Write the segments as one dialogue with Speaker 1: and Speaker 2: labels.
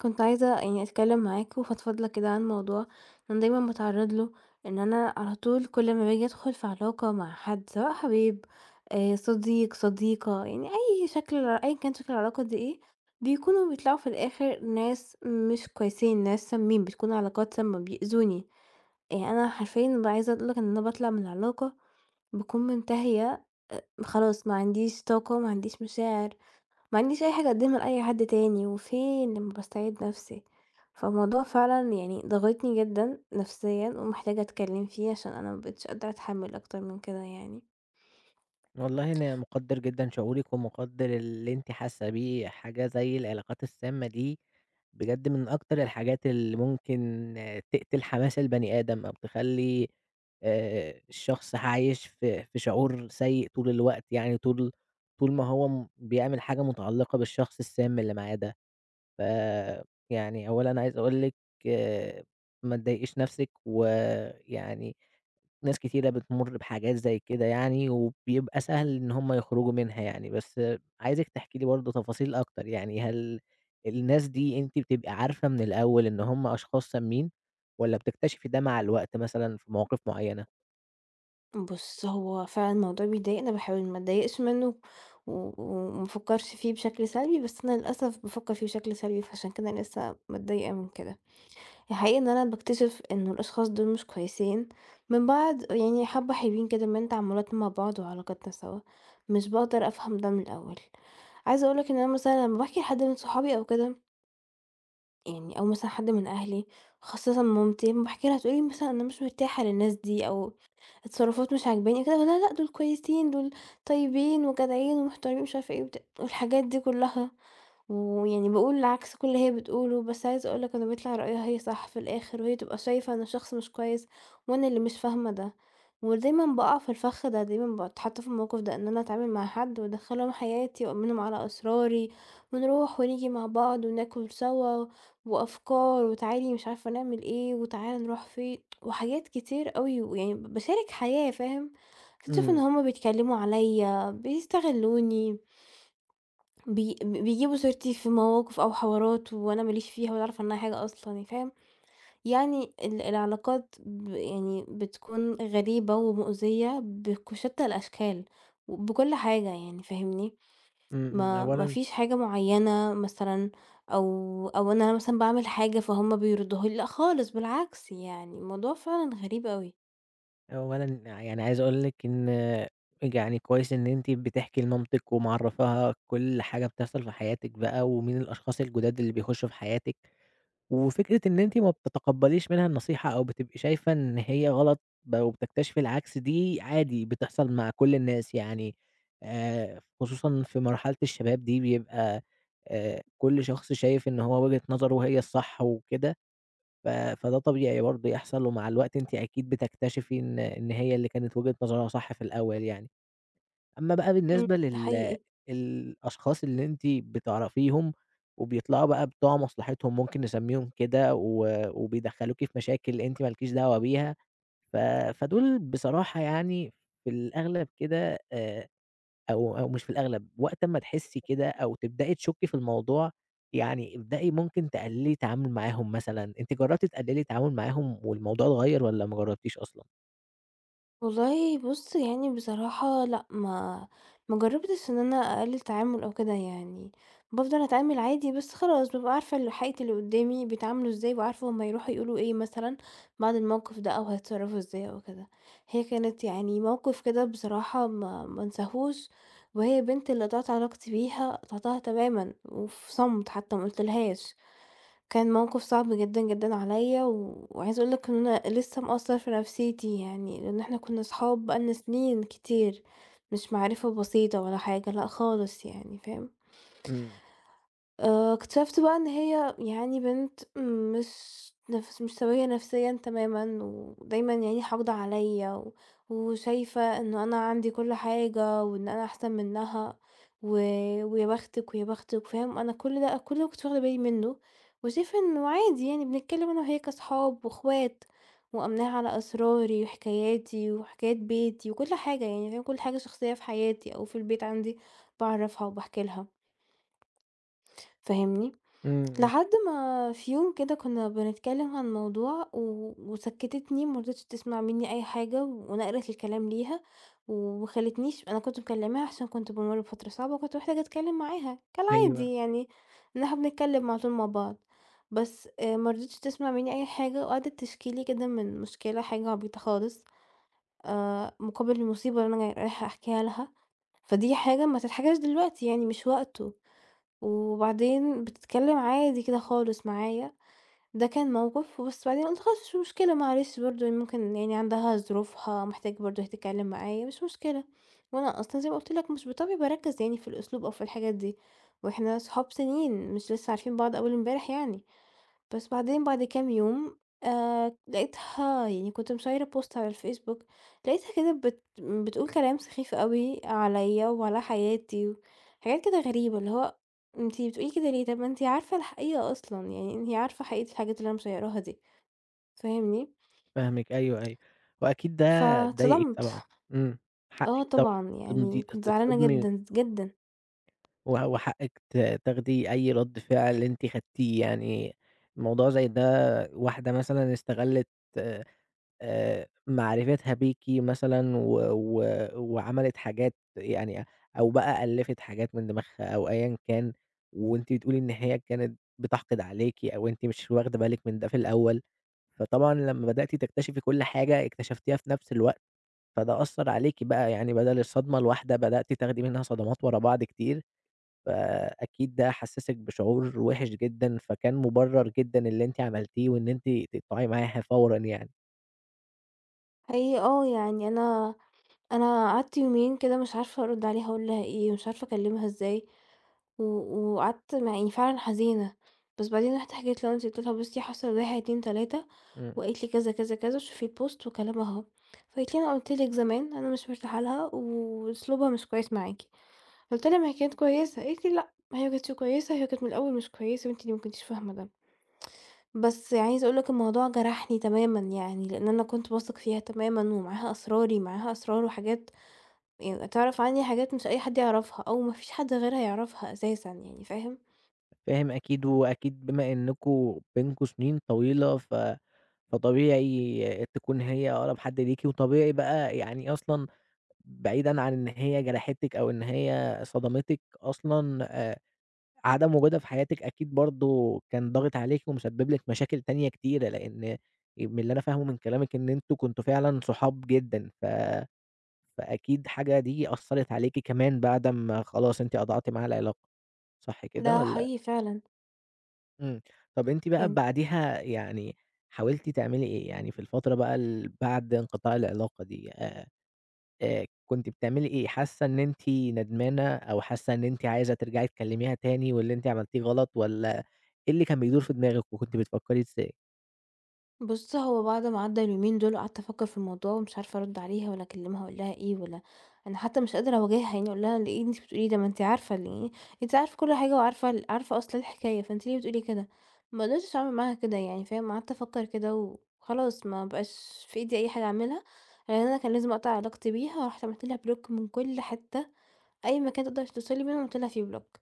Speaker 1: كنت عايزة يعني أتكلّم معاك، وأفضفض لك كده عن موضوع أنا دايمًا باتعرض له، إن أنا على طول، كل امّا باجي أدخل في علاقة مع حد، سواء حبيب، آآ، صديق، صديقة يعني، أي شكل أًيًا كان شكل العلاقة دي إيه، بيكونوا بيطلعوا في الآخر ناس مش كويسين، ناس سامِين، بتكون علاقات سامّة، بيأذوني. يعني أنا حرفيًا بابقي عايزة أقول لك إن أنا باطلع من العلاقة، باكون منتهية، آآ، خلاص، ما عنديش طاقة، ما عنديش مشاعر، ما عنديش أي حاجة اقدمها لأي حد تاني، وفين لمّا باستعيد نَفسي، فالموضوع فعلًا يعني ضاغطني جدًا نفسيًا، ومحتاجة أتكلّم فيه، عشان أنا ما بقيتش قادرة أتحمل أكتر من كده يعني.
Speaker 2: والله، أنا مُقدر جدًا شعورِك، ومُقدر اللي أنتِ حاسة بيه، حاجة زي العلاقات السامة دي، بجد من أكتر الحاجات اللي ممكن تقتل حماس البني آدم، أو تخلّي، آآ، الشخص عايش في في شعور سيء طول الوقت يعني، طول طول ما هو م بيعمل حاجة مُتعلقة بالشخص السام اللي معاه ده. ف يعني، أولًا، عايز أقول لِك، ما تضايقش نَفسِك، ويعني ناس كتيرة بتمُر بحاجات زي كده يعني، وبيبقى سهل إن هُم يخرجوا منها يعني. بس عايزِك تحكي لي برضه تفاصيل أكتر يعني، هل الناس دي أنتِ بتبقى عارفة من الأول إن هُم أشخاص سامين، والّا بتكتشفي ده مع الوقت مثلًا في مواقف معينة؟
Speaker 1: بُص، هو فعلًا الموضوع بيضايقني، باحاول ما اتضايقش منه و وما افكرش فيه بشكل سلبي، بس أنا للأسف بافَكَر فيه بشكل سلبي، فعشان كده أنا لسه متضايقة من كده. الحقيقة إن أنا باكتشف إنه الأشخاص دول مش كويسين، من بعد يعني حَبّة حلويين كده من تعاملات مع بعض، وعلاقاتنا سوا، مش باقدر أفهم ده من الأول. عايزة أقول لك إن أنا مثلًا، لمّا باحكي لحد من صحابي أو كده يعني أو مثلًا حد من أهلي، خاصةً مامتي، لمّا باحكي لها تقول لي مثلًا: "أنا مش مرتاحة للناس دي، أو التصّرفات مش عاجباني." قُلت لها: "لا، لأ، دول كويسين دول طيبين وجدعين ومحترمين." ومش عارفة إيه، وبتاع والحاجات دي كلّها، ويعني باقول عكس كل اللي هي بتقولُه، بس عايزة أقول لك إن بيطلع رأيها هي صح في الآخر، وهي بتبقى شايفة إن الشخص مش كويس، وأنا اللي مش فاهمة ده ودايمًا باقَع في الفخّ ده، دايمًا باتحطّ في الموقف ده إن أنا أتعامل مع حد وأدخّلهم حياتي وأأمنهم على أسراري ونروح ونيجي مع بعض وناكل سوا وأفكار وتعالي مش عارفة نعمل إيه، وتعالَ نروح فين وحاجات كتير أوي، ويعني ب باشارك حياة، فاهم؟ أكتشِف إن
Speaker 2: إمم.
Speaker 1: هُم بيتكلّموا عليَّ، بيستغلّوني بي ب بيجيبوا سيرتي في مواقف أو حوارات وأنا ما ليش فيها ولا أعرف عنّها حاجة أصلًا يعني، فاهم؟ يعني ال العلاقات ب يعني بتكون غريبة ومؤذية، بك بشتّى الأشكال وبكل حاجة يعني، فاهمني؟
Speaker 2: إمم، إمم،
Speaker 1: ما ما
Speaker 2: أولًا
Speaker 1: فيش حاجة معيّنة مثلًا، أو أو إن أنا مثلًا باعمل حاجة فهم بيردوها لي، لأ، خالص بالعكس، يعني الموضوع فعلًا غريب أوي.
Speaker 2: أولًا ع يعني عايز أقول لِك إن بج يعني كويس إن أنتِ بتحكي لمامتِك، ومعرّفاها كل حاجة بتحصل في حياتِك بقى ومين الأشخاص الجُداد اللي بيخشوا في حياتِك، وفكرة إن أنتِ ما بتتقبليش منها النصيحة أو بتبقي شايفة إن هي غلط بقى وبتكتشفي العكس، دي عادي بتحصل مع كل الناس يعني آآ، خصوصًا في مرحلة الشباب دي بيبقى، آآ، كل شخص شايف إن هو وجهة نظره هي الصح وكده، ف فده طبيعي برضه يحصل ومع الوقت أنتِ أكيد بتكتشفي إن إن هي اللي كانت وجهة نظرها صح في الأول يعني. أمّا بقى
Speaker 1: إمم،
Speaker 2: بالنسبة
Speaker 1: ده
Speaker 2: لل
Speaker 1: حقيقى.
Speaker 2: الأشخاص اللي أنتِ بتعرفيهم وبيطلعوا بقى بتوع مصلحِتهم ممكن نسميهم كده، و وبيدخلوكي في مشاكل أنتِ مالكيش دعوة بيها، ف فدول بصراحة يعني في الأغلب كده آآ، أو أو مش في الأغلب وقت امّا تحسي كده أو تبدأي تشكي في الموضوع يعني ابدئي ممكن تقللّي التعامل معاهم مثلًا، أنتِ جربتي تقللّي التعامل معاهم والموضوع اتغير والّا ما جربتيش أصلًا؟
Speaker 1: والله بُصّ، يعني بصراحة لأ، ما ما جرّبتش إن أنا أقلّل تعامل أو كده يعني بافضل أتعامل عادي بس خلاص، بابقى عارفة حقيقة اللي قُدّامي بيتعاملوا إزاي وعارفة هم هيروحوا يقولوا إيه مثلًا بعد الموقف ده أو هيتصرّفوا إزاي أو كده. هي كانت يعني موقف كده بصراحة ما ما أنساهوش وهي البنت اللي قطعت علاقتي بيها قطعتها تمامًا وفي صمت حتّى ما قُلت لهاش. كان موقف صعب جدًا، جدًا عليّا وعايزة أقول لك إن أنا لسّه مأثّر في نفسيتي يعني لإن إحنا كُنّا اصحاب بقى لنّا سِنين كتير مش معرفة بسيطة ولا حاجة، لأ خالص يعني فاهم؟
Speaker 2: إمم.
Speaker 1: آآ، اكتشفت بقى إن هي يعني بنت مش نفس مش سوية نفسيًا تمامًا ودايمًا يعني حاقدة عليّا، وشايفة إنه أنا عندي كل حاجة وإن أنا أحسن منّها و ويا بختِك ويا بختِك، فاهم؟ أنا كل ده أنا كل ده ما كنتش واخدة بالي منّه وشايفة إنه عادي يعني بنتكلّم أنا وهي كاصحاب وإخوات، وأمّناها على أسراري وحكاياتي وحكايات بيتي وكل حاجة، يعني فاهم، كل حاجة شخصية في حياتي أو في البيت عندي باعرفها وباحكي لها. فاهمني؟
Speaker 2: إمم، إمم.
Speaker 1: لحد ما في يوم كده كُنّا بنتكلّم عن موضوع و وسكّتتني ما رضيتش تسمع منّي أي حاجة ونقلت الكلام ليها وما خلّتنيش أنا كنت مكلّماها عشان كنت بامُر بفترة صعبة وكنت محتاجة أتكلّم معاها
Speaker 2: أيوه.
Speaker 1: كالعادي يعني إن إحنا بنتكلّم على طول مع بعض، بس آآ ما رضيتش تسمع منّي أي حاجة وقعدت تشكي لي كده من مشكلة حاجة عبيطة خالص آآ مقابل المصيبة اللي أنا رايحة أحكيها لها، فدي حاجة ما تتحكاش دلوقتي يعني مش وقته، وبعدين بتتكلّم عادي كده خالص معايا، ده كان موقف. وبس بعدين قُلت خلاص مش مشكلة معلش برضه هي ممكن يعني عندها ظروفها محتاجة برضه هي تتكلّم معايا مش مشكلة، وأنا أصلًا زي ما قُلت لك مش بطبعي باركّز يعني في الأسلوب أو في الحاجات دي وإحنا أصحاب سِنين مش لسّه عارفين بعض أول امبارح يعني. بس. بعدين بعد كام يوم، آآ لقيتها يعني كنت مشيّرة بوست على الفيسبوك، لقيتها كده بت بتقول كلام سخيف أوي عليّا وعلى حياتي وحاجات كده غريبة، اللي هو أنتِ بتقولي كده ليه؟ طب ما أنتِ عارفة الحقيقة أصلًا، يعني أنتِ عارفة حقيقة الحاجات اللي أنا مشيّراها دي، فاهمني؟
Speaker 2: فاهمِك أيوه، أيوه. وأكيد ده ضايقِك طبعًا.
Speaker 1: فاتصدمت.
Speaker 2: إمم،
Speaker 1: آه
Speaker 2: حقِك طب
Speaker 1: طبعًا.
Speaker 2: تمضي
Speaker 1: يعني
Speaker 2: تص
Speaker 1: كنت زعلانة
Speaker 2: تتصدمي
Speaker 1: جدًا، جدًا.
Speaker 2: و وحقِّك ت تاخدي أي رَد فعل أنتِ خدتيه، يعني موضوع زي ده واحدة مثلًا استغلِّت آآ آآ، معرفِتها بيكِ مثلًا و و وعملِت حاجات يعني أو بقى ألِّفت حاجات من دِماغها أو أيًا كان، وأنتِ تقولي إن هي كانت بتحقد عليكِ أو أنتِ مش واخدة بالِك من ده في الأول، فطبعًا لمّا بدأتِ تكتشفي كل حاجة، اكتشفتيها في نفس الوقت، فده أثّر عليكِ بقى، يعني بَدَل الصدمة الواحدة بدأتِ تاخدي منها صدمات ورا بعض كتير، فأكيد ده حسّسِك بشعور وِحِش جدًا، فكان مُبرّر جدًا اللي أنتِ عملتيه وإن أنتِ تقطعي معاها فورًا يعني.
Speaker 1: حقيقي آه يعني أنا أنا قعدت يومين كده مش عارفة أرُد عليها أقول لها إيه مش عارفة أكلمها إزاي، و وقعدت مع إني فعلًا حزينة، بس بعدين رُحت حكيت لمامتي قُلت لها: "بُصّي حصل 1، 2، 3
Speaker 2: إمم.
Speaker 1: وقالت لي "كذا كذا كذا" وشوفي الpost وكلامها أهو." فقالت لي: "أنا قُلت لِك زمان أنا مش مرتاحة لها، وأسلوبها مش كويس معاكِ." فقُلت لها: "ما هي كانت كويسة." قالت لي: "لأ، ما هي ما كانتش كويسة هي كانت من الأول مش كويسة وأنتِ اللي ما كنتيش فاهمة ده." بس عايزة أقول لك الموضوع جرحني تمامًا يعني، لأن أنا كنت باثق فيها تمامًا ومعاها أسراري، معاها أسرار وحاجات يعني تعرف عني حاجات مش أي حد يعرفها أو ما فيش حد غيرها يعرفها أساسًا يعني، فاهم؟
Speaker 2: فاهم أكيد وأكيد بما إنكم بينكم سنين طويلة، ف فطبيعي تكون هي أقرب حد ليكِ وطبيعي بقى يعني أصلًا بعيدًا عن إن هي جرحتِك أو إن هي صدمتِك أصلًا آآ عدم وجودها في حياتِك أكيد برضه كان ضاغِط عليكِ ومسبب لِك مشاكل تانية كتيرة، لأن آآ من اللي أنا فاهمة من كلامِك إن أنتم كنتم فعلًا صحاب جدًا ف فأكيد حاجة دي أثّرت عليكِ كمان بعد أمّا خلاص أنتِ قطعتِ معاها العلاقة، صح كده
Speaker 1: ده
Speaker 2: والّا؟
Speaker 1: حقيقي فعلًا.
Speaker 2: إمم، طب أنتِ بقى
Speaker 1: يعني
Speaker 2: بعديها يعني حاولتِ تعملي إيه؟ يعني في الفترة بقى ال بعد انقطاع العلاقة دي آآ، آآ، كنتِ بتعملي إيه، حاسة إن أنتِ ندمانة أو حاسة إن أنتِ عايزة ترجعي تكلميها تاني واللي أنتِ عملتيه غلط، والّا إيه اللي كان بيدور في دماغِك وكنتِ بتفكري إزاي؟
Speaker 1: بُص هو بعد ما عدى اليومين دول قعدت أفكر في الموضوع ومش عارفة أرد عليها والّا أكلّمها أقول لها إيه، والّا أنا حتى مش قادرة أواجهها يعني أقول لها إيه اللي أنتِ بتقوليه ده؟ ما أنت عارفة ال أنتِ عارفة كل حاجة وعارفة ال عارفة أصل الحكاية فأنت ليه بتقولي كده؟ ما قدرتش اعمل معاها كده يعني فاهم، قعدت أفكر كده وخلاص ما بقاش في أيدي أي حاجة أعملها. يعني أنا كان لازم أقطع علاقتي بيها ورُحت عملت لها block من كل حتة أي مكان تقدر توصل لي منه عملت لها فيه block.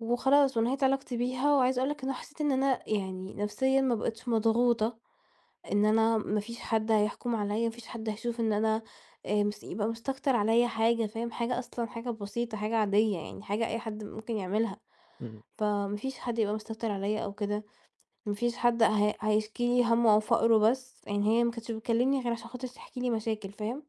Speaker 1: وخلاص ونَهِيت علاقتي بيها وعايزة أقول لك إن هو أنا حسيت إن أنا يعني نفسيًا ما بقيتش مضغوطة إن أنا ما فيش حد هيحكُم عليَّ، ما فيش حد هيشوف إن أنا آآ، مس يبقى مستكتر عليَّ حاجة فاهم حاجة أصلًا حاجة بسيطة، حاجة عادية يعني حاجة أي حد ممكن يعملها،
Speaker 2: امم.
Speaker 1: فما فيش حد يبقى مستكتر عليَّ أو كده، ما فيش حد ه هيشكي لي هَمّه أو فقرُه بس، يعني هي ما كنتش بتكلمني غير علشان خاطر تحكي لي مشاكل فاهم؟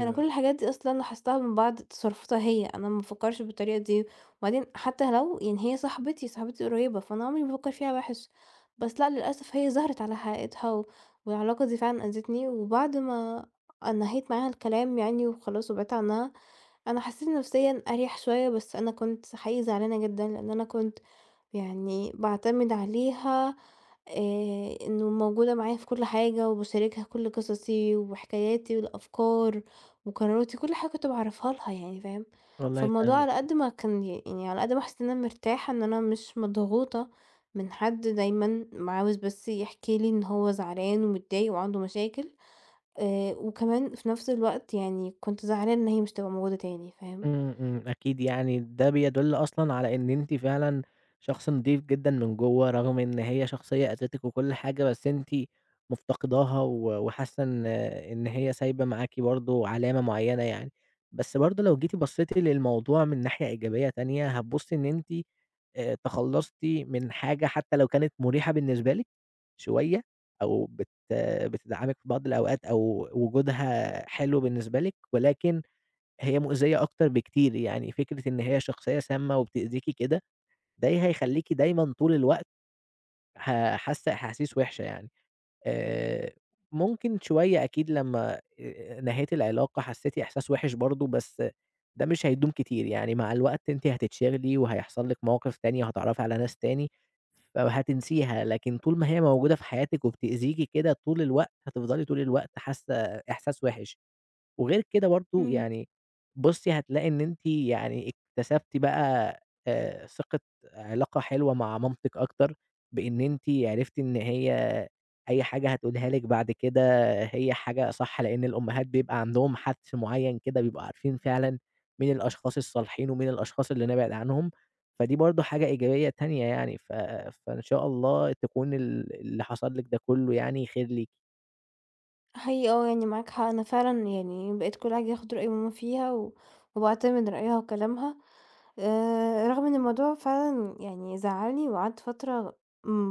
Speaker 1: أنا كل الحاجات دي أصلًا لاحظتها من بعد تصرفاتها هي. أنا ما بافكرش بالطريقة دي وبعدين حتى لو يعني هي صاحبتي صاحبتي القريبة، فأنا عمري ما افكر فيها وحش، بس لأ للأسف هي ظهرت على حقيقتها والعلاقة دي فعلًا آذتني. وبعد ما أ نهيت معاها الكلام يعني وخلاص وبعدت عنها أنا حسيت نفسيًا أريح شوية، بس أنا كنت حقيقي زعلانة جدًا لأن أنا كنت يعني باعتمد عليها آآ، إنه موجودة معايا في كل حاجة وباشاركها كل قصصي وحكاياتي والأفكار وقراراتي وكل حاجة كنت باعرّفها لها يعني فاهم؟
Speaker 2: والله
Speaker 1: فالموضوع
Speaker 2: فاهمِك.
Speaker 1: على قد ما كان يعني على قد ما حاسة إن أنا مرتاحة إن أنا مش مضغوطة من حد دايمًا، عاوز بس يحكي لي إن هو زعلان ومتضايق وعنده مشاكل آآ، وكمان في نفس الوقت يعني كنت زعلانة إن هي مش هتبقى موجودة تاني فاهم؟
Speaker 2: إمم، إمم، أكيد يعني ده بيدُل أصلًا على إن أنتِ فعلًا شخص نضيف جدًا من جوا. رغم إن هي شخصية أذِتِك وكل حاجة بس أنتِ مفتقداها و وحاسة إن إن هي سايبة معاكِ برضه علامة مُعينة يعني. بس برضه لو جيتِ بصيتِ للموضوع من ناحية إيجابية تانية، هتبصي إن أنتِ آآ، تخلصتِ من حاجة حتى لو كانت مُريحة بالنسبة لِك شوية أو بت بتدعمِك بعض الأوقات أو وجودها حلو بالنسبة لِك، ولكن هي مؤذية أكتر بكتير، يعني فكرة إن هي شخصية سامة وبتأذيكِ كده دي هيخليكِ دايمًا طول الوقت ح حاسة أحاسيس وحشة يعني. آآ، ممكن شوية أكيد لمّا نهيتِ العلاقة حسيتِ إحساس وحش برضه بس ده مش هيدوم كتير، يعني مع الوقت أنتِ حتتشغلي وهيحصل لِك مواقف تانية هتتعرفي على ناس تاني أو هتنسيها، لكن طول ما هي موجودة في حياتِك وبتأذيكِ كده طول الوقت هتفضلي طول الوقت حاسة إحساس وحش، وغير كده برضه
Speaker 1: إمم.
Speaker 2: يعني بُصي هتلاقي إن أنتِ يعني اكتسبتِ بقى آآ، ثقة علاقة حلوة مع مامتِك أكتر، بإن أنتِ عرفتي إن هي أي حاجة هتقولها لِك بعد كده هي حاجة صح لأن الأمهات بيبقى عندهم حَدس معين كده بيبقوا عارفين فعلًا مين الأشخاص الصالحين ومين الأشخاص اللي نبعد عنهم، فدي برضه حاجة إيجابية تانية يعني ف فإن شاء الله تكون ال اللي حصل لِك ده كله يعني خير ليكِ.
Speaker 1: هي آه، يعني معاك حق أنا فعلًا يعني بقيت كل حاجة باخُد رأي ماما فيها، و وباعتمد رأيها وكلامها آآ، رغم إن الموضوع فعلًا يعني زعلني وقعدت فترة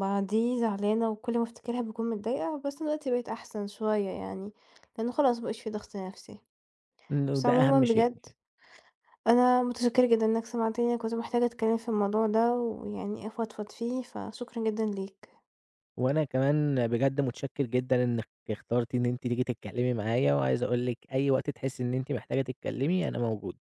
Speaker 1: بعديه زعلانة وكل ما افتكرها باكون متضايقة. بس دلوقتي بقيت أحسن شوية يعني، لأنه خلاص ما بقاش في ضغط نفسي.
Speaker 2: إنه
Speaker 1: بس
Speaker 2: ده
Speaker 1: عمومًا
Speaker 2: أهم شيء
Speaker 1: بجد
Speaker 2: [unintelligible]
Speaker 1: أنا مُتشكرة جدًا إنك سمعتني كنت محتاجة أتكلم في الموضوع ده، ويعني أفضفض فيه، فشكرا جدًا ليك.
Speaker 2: وأنا كمان بجد مُتشكر جدًا إنك اخترتِ إن أنتِ تيجي تتكلمي معايا، وعايز أقول لِك أي وقت تحسي إن أنتِ محتاجة تتكلمي أنا موجود.